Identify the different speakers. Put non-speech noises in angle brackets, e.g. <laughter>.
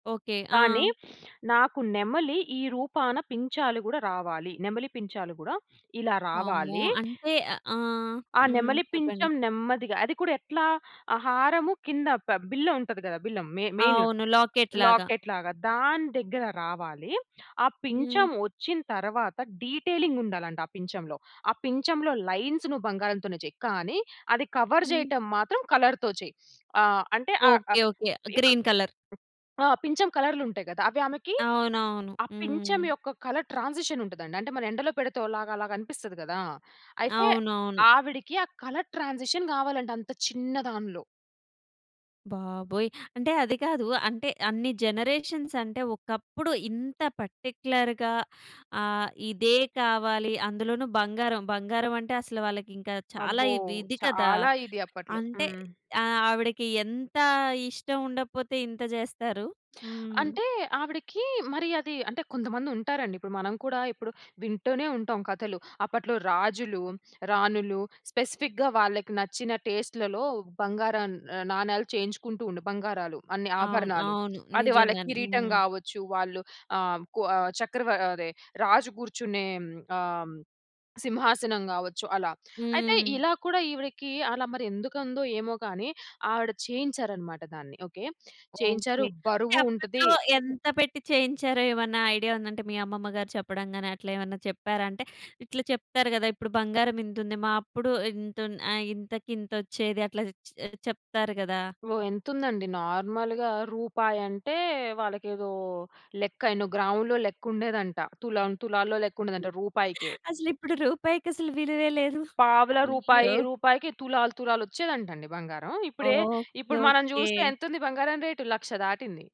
Speaker 1: Okay.
Speaker 2: కానీ
Speaker 1: ఆ!
Speaker 2: <sniffs> నాకు నెమలి, ఈ రూపాన పించాలు గూడా రావాలి. నెమలి పించాలు గూడా ఇలా
Speaker 1: వామ్మో!
Speaker 2: రావాలీ.
Speaker 1: అంటే అ ఆ!
Speaker 2: ఆ
Speaker 1: హ్మ్.
Speaker 2: నెమలి
Speaker 1: చెప్పండి.
Speaker 2: పించం నెమ్మదిగా అది కూడా ఎట్లా, ఆ హారము కింద ప బిల్ల ఉంటది గదా! బిల్లం మె మెయిను
Speaker 1: అవును. లాకెట్ లాగా.
Speaker 2: లాకెట్ లాగా. దాని దెగ్గర రావాలి. ఆ
Speaker 1: హ్మ్.
Speaker 2: పించం వచ్చిన తరవాత, డీటేలింగుండాలంట ఆ పించంలో, ఆ పించంలో లైన్స్‌ నువ్వు బంగారంతోనే చెయి. కానీ, అది కవర్
Speaker 1: హ్మ్.
Speaker 2: జేయటం మాత్రం కలర్‌తో చెయి. ఆహ్, అంటే ఆహ్,
Speaker 1: ఓకే.
Speaker 2: ఆహ్,
Speaker 1: ఓకే. ఆహ్,
Speaker 2: ఇప్పుడు
Speaker 1: గ్రీన్ కలర్.
Speaker 2: ఆ! పించం కలర్‌‌లుంటాయి గదా! అవి ఆమెకి,
Speaker 1: అవునవును.
Speaker 2: ఆ పించం
Speaker 1: హ్మ్.
Speaker 2: యొక్క కలర్ ట్రాన్సిషనుంటదండి. అంటే, మనం ఎండలో పెడితే ఓలాగ అలాగనిపిస్తది గదా! అయితే
Speaker 1: అవునవును.
Speaker 2: ఆవిడికి ఆ కలర్ ట్రాన్సిషన్ గావాలంట. అంత చిన్న దానిలో.
Speaker 1: బాబోయ్! అంటే అది కాదు, అంటే అన్ని జనరేషన్సంటే, ఒకప్పుడు ఇంత పర్టిక్యులర్‌గా ఆహ్, ఇదే కావాలి, అందులోనూ బంగారం, బంగారమంటే అసలు వాళ్ళకింకా చాలా
Speaker 2: అబ్బో!
Speaker 1: ఇవ్ ఇది కదా!
Speaker 2: చాలా ఇది అప్పట్లో.
Speaker 1: అంటే,
Speaker 2: హ్మ్.
Speaker 1: ఆహ్, ఆవిడకి ఎంతా ఇష్టం ఉండకపోతే, ఇంత జేస్తారు. హ్మ్.
Speaker 2: అంటే, ఆవిడికీ మరి అదీ, అంటే కొంతమందుంటారండి, ఇప్పుడు, మనం కూడా ఇప్పుడు వింటూనే ఉంటాం కథలు. అప్పట్లో రాజులు, రాణులు స్పెసిఫిక్‌గా వాళ్ళకి నచ్చిన టెస్ట్‌లలో బంగారం నా నాణాలు చేయించుకుంటూ ఉండె. బంగారాలు, అన్ని
Speaker 1: అవును.
Speaker 2: ఆభరణాలు.
Speaker 1: అవును.
Speaker 2: అది వాళ్ళకి
Speaker 1: నిజంగానే.
Speaker 2: కిరీటం
Speaker 1: హ్మ్.
Speaker 2: గావచ్చు, వాళ్ళు ఆహ్, కొ ఆహ్, చక్రవ అదే రాజు గూర్చునే హ్మ్. ఆ! హ్మ్. సింహాసనం గావచ్చు అలా, అయితే
Speaker 1: హ్మ్.
Speaker 2: ఇలా కూడా ఈవిడకీ, అలా మరెందుకుందో ఏమో కానీ, ఆవిడ చేయించారనమాట దాన్ని ఓకే. చేయించారు,
Speaker 1: ఓకే. అంటే
Speaker 2: బరువు ఉంటదీ.
Speaker 1: అప్పట్లో ఎంత పెట్టి చేయించారో ఏమన్నా ఐడియా ఉందా? అంటే మీ అమ్మమ్మ గారు చెప్పడం గాని, అట్లేమన్నా చెప్పారా? అంటే, ఇట్లా చెప్తారు గదా! ఇప్పుడు బంగారం ఇంతుంది, మా అప్పుడు ఇంతున్ ఆహ్, ఇంతకి ఇంతొచ్చేది అట్లా చె చెప్తారు గదా!
Speaker 2: ఓహ్! ఎంతుందండి, నార్మల్‌గా రూపాయంటే, వాళ్ళకేదో లెక్క, ఎన్నో గ్రాములో లెక్కుండేదంట, తు‌లం, తులాల్లో లెక్కుండేదంట రూపాయికే.
Speaker 1: అసలిప్పుడు రూపాయికసలు విలువే లేదు.
Speaker 2: పావల, రూపాయి,
Speaker 1: అయ్యో!
Speaker 2: రూపాయికి తులాలు తులాలొచ్చేదంటండి బంగారం. ఇప్పుడే,
Speaker 1: ఓకే.
Speaker 2: ఇప్పుడు మనం
Speaker 1: ఓకే.
Speaker 2: జూస్తే ఎంతుంది బంగారం రేటు, 1,00,000 దాటింది.